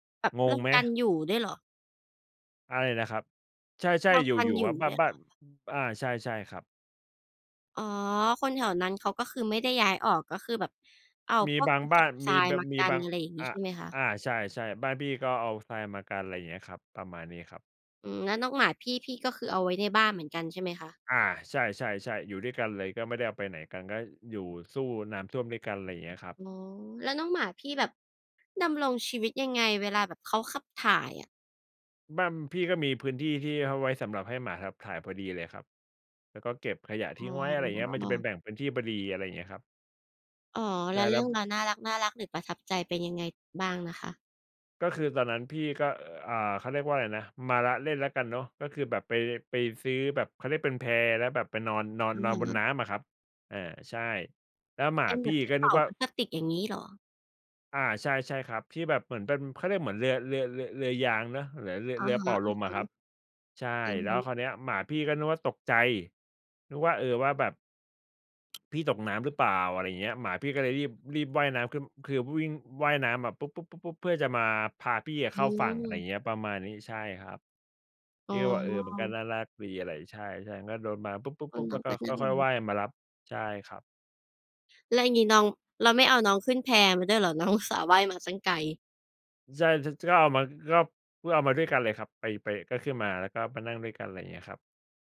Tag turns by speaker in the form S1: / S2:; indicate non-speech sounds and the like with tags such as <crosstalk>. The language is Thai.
S1: แบบ
S2: ง
S1: เรื
S2: ง
S1: ่อง
S2: ไหม?
S1: การอยู่ด้วยเหรอ?
S2: อะไรนะครับ ใช่
S1: เข้า
S2: ๆ อ
S1: กัน
S2: ยู่
S1: อย
S2: ๆ คร
S1: ู
S2: ั
S1: ่
S2: บ บ้
S1: ด
S2: า
S1: ้
S2: น
S1: วยเหรอ?
S2: บ้าน อา ใช่ ๆ ครับ
S1: อ๋อ คนแถวนั้นเขาก็คือไม่ได้ย้ายออก ก็คือแบบเอา
S2: มี
S1: พว
S2: บ
S1: ก
S2: า
S1: ก
S2: ง
S1: ระ
S2: บ
S1: ส
S2: ้า
S1: อ
S2: น
S1: บท
S2: ม
S1: ร
S2: ี
S1: าย
S2: แบ
S1: มา
S2: ม
S1: ก
S2: ี
S1: ั
S2: บ
S1: น
S2: าง
S1: อะไรอย่างงี
S2: อ
S1: ้
S2: ะ
S1: ใช่ไหมคะ?
S2: อา ใช่ ๆ บ้านพี่ก็เอาทรายมากัน ไรอย่างเงี้ยครับ ประมาณนี้ครับ
S1: อืม แล้วน้องหมาพี่ พี่ก็คือเอาไว้ในบ้านเหมือนกันใช่ไหมคะ?
S2: อา ใช่ ๆ ๆ อยู่ด้วยกันเลย ก็ไม่ได้ออกไปไหนกัน ก็อยู่สู้น้ำท่วมด้วยกัน ไรอย่างเงี้ยครับ
S1: อ๋อ แล้วน้องหมาพี่แบบดำรงชีวิตยังไง เวลาแบบเขาขับถ่ายอะ?
S2: บ้านพี่ก็มีพื้นที่ที่เอาไว้สำหรับให้หมาขับถ่ายพอดีเลยครับ แล้วก็เก็บขยะท
S1: อ๋
S2: ิ้งไว้ อะไรอย่างเงี้ย มันจะเป็น
S1: อ
S2: แบ่งพื้นที่พอดี อะไรอย่างเงี้ยครับ
S1: อ๋อ
S2: ใช
S1: แล
S2: ่
S1: ้
S2: เ
S1: ว
S2: ลย
S1: เร
S2: คร
S1: ื
S2: ั
S1: ่อง
S2: บ
S1: ราวน่ารัก ๆ หรือประทับใจเป็นยังไงบ้างนะคะ?
S2: ก็คือตอนนั้นพี่ก็ อ่า เขาเรียกว่าอะไรนะ มาละเล่นแล้วกันเนาะ ก็คือแบบ ไป ไปซื้อแบบ เขาเรียกเป็นแพ แล้วแบบไปนอน นอน
S1: อื
S2: น
S1: อ
S2: อน
S1: ฮ
S2: บนน
S1: ึ
S2: ้ำอะครับ อา ใช่ แล้วหมา
S1: เป็น
S2: พ
S1: แบ
S2: ี่
S1: บที
S2: ก
S1: ่
S2: ็
S1: เป
S2: นึ
S1: ่
S2: ก
S1: า
S2: ว่า
S1: พลาสติกอย่างงี้เหรอ?
S2: อา ใช่ ๆ ครับ ที่แบบเหมือนเป็น เขาเรียกเหมือน เรือ เรือ เรือ เรือยางเนาะ หรือ เรือ
S1: อะ
S2: เรือ
S1: ฮ
S2: เป่
S1: ะ
S2: า
S1: ๆ
S2: ลมอะครับ ใช่
S1: อือ
S2: แล
S1: ฮ
S2: ้
S1: ึ
S2: วคราวเนี้ยหมาพี่ ก็นึกว่า ตกใจ นึกว่า เออ ว่าแบบ <tsk> พี่ตกน้ำหรือเปล่า อะไรอย่างเงี้ย หมาพี่ก็เลย รีบ รีบว่ายน้ำขึ้น คือวิ่ง ว่ายน้ำมา ปุ๊บ ปุ๊บ ปุ๊บ เพื่อจะมาพาพี่อะเ
S1: อื
S2: ข้าฝั่ง อะไร
S1: ม
S2: เงี้ย ประมาณนี้ ใช่ครับ
S1: อ๋
S2: พี
S1: อ
S2: ่ก็บอก เออ มันก็น่ารักดีอะไร ใช่ ๆ ก็โดน มา ปุ๊บ ปุ๊บ
S1: โอ้
S2: ปุ๊บ
S1: น
S2: แ
S1: ้
S2: ล
S1: อ
S2: ้ว
S1: ง
S2: ก
S1: ก
S2: ็
S1: ็น่า
S2: ค่อย
S1: ร
S2: ๆ
S1: ั
S2: ว
S1: ก
S2: ่ายมารับ ใช่ครับ
S1: แล้วอย่างงี้น้อง แล้วไม่เอาน้องขึ้นแพมาด้วยเหรอ? น้อง อุตส่าห์ว่ายมาตั้งไกล
S2: ใช่ ช ชอบมันครับ เพื่อเอามาด้วยกันเลยครับ ไป ไป ก็ขึ้นมา แล้วก็มานั่งด้วยกัน ไรอย่างเงี้ยครับ